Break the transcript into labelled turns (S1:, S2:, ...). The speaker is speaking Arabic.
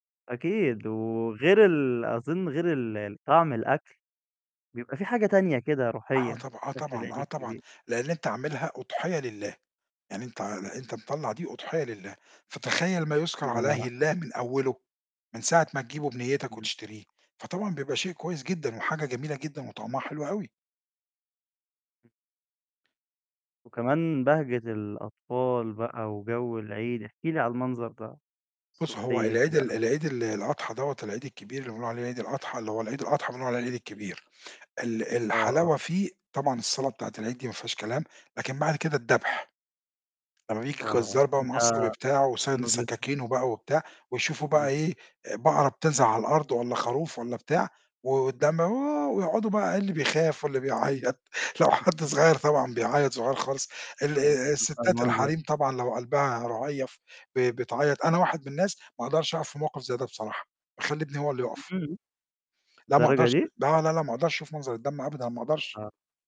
S1: أكيد وغير ال أظن غير ال طعم الأكل، بيبقى في حاجة تانية كده
S2: آه،
S1: روحية
S2: طبع آه،
S1: في أكل
S2: طبعًا،
S1: العيد
S2: آه، طبعًا.
S1: الكبير.
S2: لإن أنت عاملها أُضحية لله. يعني أنت أنت مطلّع دي أُضحية لله، فتخيّل ما يُذكر
S1: الله ينور
S2: عليه
S1: عليك.
S2: الله من أوله، من ساعة ما تجيبه بنيّتك
S1: إمم.
S2: وتشتريه، فطبعًا بيبقى شيء كويس جدًا، وحاجة جميلة جدًا وطعمها حلو أوي.
S1: وكمان بهجة الأطفال بقى وجو العيد، احكِ لي على المنظر ده
S2: بُص، هو
S1: الصُبحية
S2: العيد
S1: كده،
S2: ال
S1: آه.
S2: العيد ال الأضحى دوّة، العيد الكبير اللي بنقول عليه عيد الأضحى، اللي هو العيد الأضحى بنقول عليه العيد الكبير. ال
S1: آه،
S2: الحلاوة
S1: آه.
S2: فيه طبعًا الصلاة بتاعة العيد دي ما فيهاش كلام، لكن بعد كده الدبح. لما بييجي
S1: آه،
S2: الجزار بقى ومعاه الصَبي
S1: آه.
S2: بتاعه، وسانن
S1: ده [unintelligible]
S2: سكاكينه بقى وبتاع، ويشوفوا بقى
S1: إمم.
S2: إيه آآ بقرة بتنزل على الأرض والّا خروف والّا بتاع، و والدم ووه، ويقعدوا بقى اللي بيخاف واللي بيعيّط، لو حد
S1: [unintelligible]
S2: صغير طبعًا بيعيّط- صغير خالص- ال
S1: آه،
S2: آآ
S1: بيبقى
S2: الستات
S1: المنظر
S2: الحريم طبعًا لو قلبها رهيّف ب بتعيّط، أنا واحد من الناس ما اقدرش أقف في موقِف زي ده بصراحة. باخلّي ابني هو الُلي يقف.
S1: إمم.
S2: لأ ما
S1: للدرجة
S2: اقدرش،
S1: دي؟!
S2: لا، لا، لا، لا ما اقدرش اشوف منظر الدم أبدًا، ما اقدرش.
S1: آه.